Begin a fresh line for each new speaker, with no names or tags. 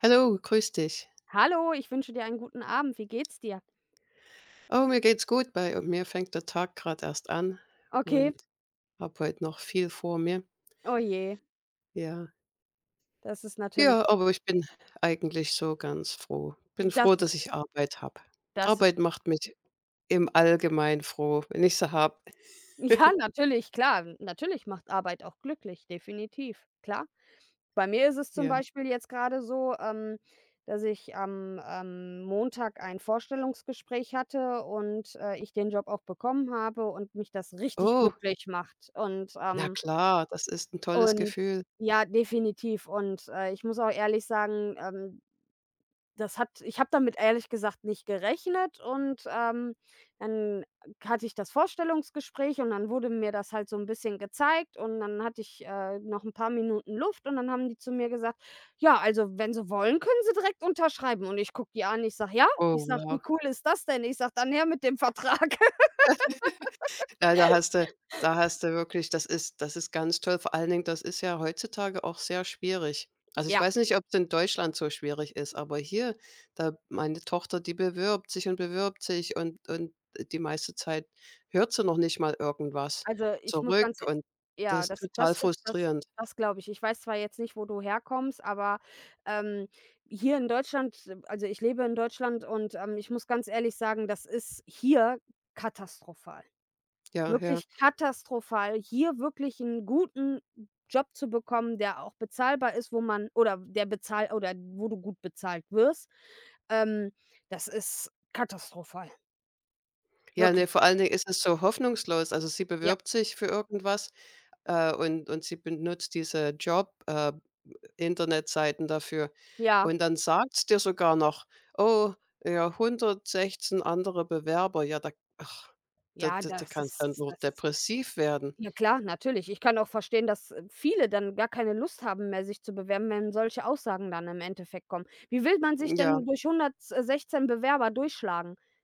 Hallo, grüß dich.
Hallo, ich wünsche dir einen guten Abend. Wie geht's dir?
Oh, mir geht's gut. Bei mir fängt der Tag grad erst an
Okay.
und habe heut noch viel vor mir.
Oh je.
Ja.
Das ist
Ja,
natürlich
aber ich bin eigentlich so ganz froh. Bin
Das
froh,
ist
dass
schön.
ich Arbeit habe.
Das ist sch
Arbeit macht mich im Allgemeinen froh, wenn ich sie habe.
Ja, natürlich, klar. Natürlich macht Arbeit auch glücklich. Definitiv, klar. Bei mir ist es zum
Ja.
Beispiel jetzt grade so, ähm, dass ich am, ähm, Montag ein Vorstellungsgespräch hatte und, äh, ich den Job auch bekommen habe und mich das richtig
Oh.
glücklich macht und,
Na
ähm
klar, das ist 'n tolles
und
Gefühl.
ja, definitiv und, äh, ich muss auch ehrlich sagen, ähm, das hat ich habe damit ehrlich gesagt nicht gerechnet und, ähm, dann hatte ich das Vorstellungsgespräch und dann wurde mir das halt so 'n bisschen gezeigt und dann hatte ich, äh, noch 'n paar Minuten Luft und dann haben die zu mir gesagt: „Ja, also wenn Sie wollen, können Sie direkt unterschreiben.“, und ich gucke die an und ich sage: „Ja?“ ich
Oh
sage: „Wie
ja.
cool ist das denn?“, ich sage: „Dann her mit dem Vertrag.“
Ja, da hast du da hast du wirklich das ist das ist ganz toll. Vor allen Dingen, das ist ja heutzutage auch sehr schwierig. Also ich
Ja.
weiß nicht, ob's in Deutschland so schwierig ist, aber hier, da meine Tochter, die bewirbt sich und bewirbt sich und und die meiste Zeit hört sie noch nicht mal irgendwas
Also ich muss ganz
zurück
e
und das
ja,
ist
das
total
das das
frustrierend.
das glaube ich. Ich weiß zwar jetzt nicht, wo du herkommst, aber, ähm, hier in Deutschland ähm, also ich lebe in Deutschland und, ähm, ich muss ganz ehrlich sagen, das ist hier katastrophal,
Ja, ja.
wirklich katastrophal, hier wirklich 'n guten Job zu bekommen, der auch bezahlbar ist, wo man oder der bezahl oder wo du gut bezahlt wirst. Ähm, das ist katastrophal.
Ja,
Wirkli
ne, vor allen Dingen ist es so hoffnungslos. Also, sie
Ja.
bewirbt sich für irgendwas, äh, und und sie benutzt diese Job äh, Internetseiten dafür
Ja.
und dann sagt's dir sogar noch: „Oh, ja, 116 andere Bewerber.“ Ja, da ach, da
Ja,
da da
das
kannst du dann
ist
nur
das
depressiv werden.
na klar, natürlich. Ich kann auch verstehen, dass viele dann gar keine Lust haben mehr, sich zu bewerben, wenn solche Aussagen dann im Endeffekt kommen. Wie will man sich
Ja.
denn durch 116 Bewerber durchschlagen?